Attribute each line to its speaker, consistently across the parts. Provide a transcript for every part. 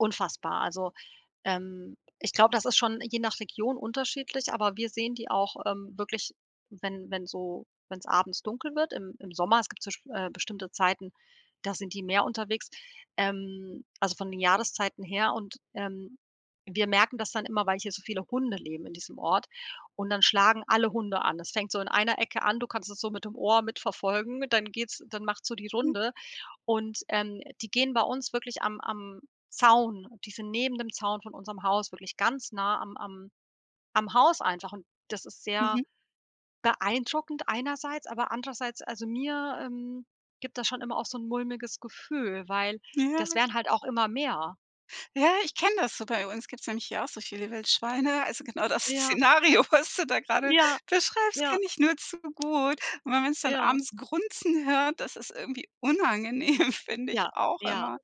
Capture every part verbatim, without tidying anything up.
Speaker 1: Unfassbar. Also, ähm, ich glaube, das ist schon je nach Region unterschiedlich, aber wir sehen die auch, ähm, wirklich, wenn wenn so wenn's abends dunkel wird, im im Sommer. Es gibt so, sch äh, bestimmte Zeiten, da sind die mehr unterwegs, ähm, also, von den Jahreszeiten her und, ähm, wir merken das dann immer, weil hier so viele Hunde leben in diesem Ort und dann schlagen alle Hunde an. Das fängt so in einer Ecke an- du kannst das so mit dem Ohr mitverfolgen- dann geht's dann macht's so die
Speaker 2: Mhm.
Speaker 1: Runde und, ähm, die gehen bei uns wirklich am am Zaun die sind neben dem Zaun von unserem Haus wirklich ganz nah am am am Haus einfach und das ist sehr
Speaker 2: Mhm.
Speaker 1: beeindruckend einerseits, aber andererseits also, mir, ähm, gibt das schon immer auch so 'n mulmiges Gefühl, weil das
Speaker 2: Ja.
Speaker 1: werden halt auch immer mehr.
Speaker 2: Ja, ich kenne das so. Bei uns gibt's nämlich hier auch solche Wildschweine. Also, genau das
Speaker 1: Ja.
Speaker 2: Szenario, was du da grade
Speaker 1: Ja.
Speaker 2: beschreibst, kenne
Speaker 1: Ja.
Speaker 2: ich nur zu gut. Und wenn man's dann
Speaker 1: Ja.
Speaker 2: abends Grunzen hört, das ist irgendwie unangenehm, finde ich
Speaker 1: Ja,
Speaker 2: auch
Speaker 1: ja.
Speaker 2: immer.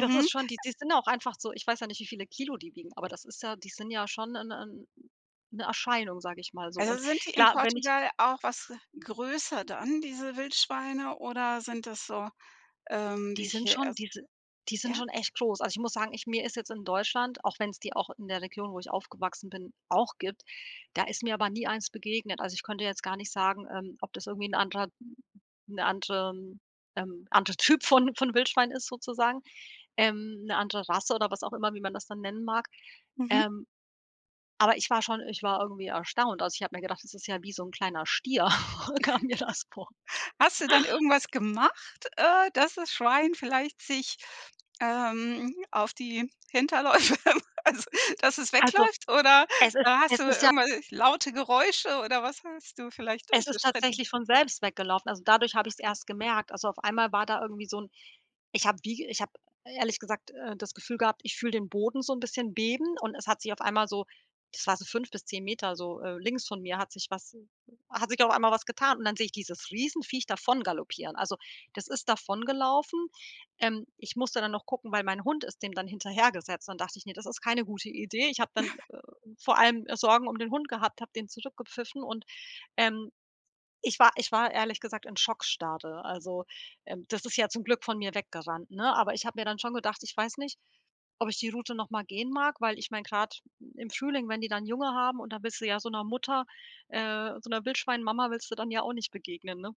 Speaker 1: Das ist schon die
Speaker 2: äh
Speaker 1: die sind auch einfach so ich weiß ja nicht, wie viele Kilo die wiegen, aber das ist ja die sind ja schon 'n 'n 'ne Erscheinung, sage ich mal so
Speaker 2: Also,
Speaker 1: und,
Speaker 2: sind die in
Speaker 1: klar, wenn ich
Speaker 2: Portugal auch was größer dann, diese Wildschweine? Oder sind das so, ähm,
Speaker 1: Die
Speaker 2: wie
Speaker 1: sind
Speaker 2: hier
Speaker 1: schon
Speaker 2: ers
Speaker 1: die si die sind
Speaker 2: ja?
Speaker 1: schon echt groß. Also, ich muss sagen, ich mir ist jetzt in Deutschland- auch wenn's die auch in der Region, wo ich aufgewachsen bin, auch gibt- da ist mir aber nie eins begegnet. Also, ich könnte jetzt gar nicht sagen, ähm, ob das irgendwie 'n anderer 'ne anderem ähm, anderer Typ von von Wildschwein ist, sozusagen, ähm, 'ne andere Rasse oder was auch immer, wie man das dann nennen mag.
Speaker 2: Mhm.
Speaker 1: Ähm, aber ich war schon ich war irgendwie erstaunt. Also, ich habe mir gedacht, das ist ja wie so 'n kleiner Stier. Kam mir das vor.
Speaker 2: Hast du dann irgendwas gemacht, äh, dass das Schwein vielleicht sich, ähm, auf die Hinterläufe also, dass es
Speaker 1: Also,
Speaker 2: wegläuft? Oder
Speaker 1: es ist
Speaker 2: hast
Speaker 1: es
Speaker 2: du
Speaker 1: ist ja
Speaker 2: irgendwelch laute Geräusche oder was hast du vielleicht
Speaker 1: Es
Speaker 2: für
Speaker 1: ist
Speaker 2: Strate
Speaker 1: tatsächlich von selbst weggelaufen. Also, dadurch habe ich's
Speaker 2: Okay.
Speaker 1: erst gemerkt. Also, auf einmal war da irgendwie so 'n ich habe wie ich habe ehrlich gesagt, äh, das Gefühl gehabt, ich fühle den Boden so 'n bisschen beben und es hat sich auf einmal so das war so fünf bis zehn Meter so, äh, links von mir hat sich was hat sich auf einmal was getan und dann sehe ich dieses Riesenviech davon galoppieren. Also, das ist davongelaufen. Ähm, ich musste dann noch gucken, weil, mein Hund ist dem dann hinterhergesetzt. Dann dachte ich: „Das ist keine gute Idee.“ Ich habe dann, äh, vor allem, äh, Sorgen um den Hund gehabt, habe den zurückgepfiffen und, ähm, ich war ich war ehrlich gesagt in Schockstarre. Also, ähm, das ist ja zum Glück von mir weggerannt, ne? Aber ich habe mir dann schon gedacht: „Ich weiß nicht, ob ich die Route noch mal gehen mag.“, weil, ich meine, grad im Frühling, wenn die dann Junge haben und dann willst du ja so 'ner Mutter äh, so 'ner Wildschweinmama willst du dann ja auch nicht begegnen, ne?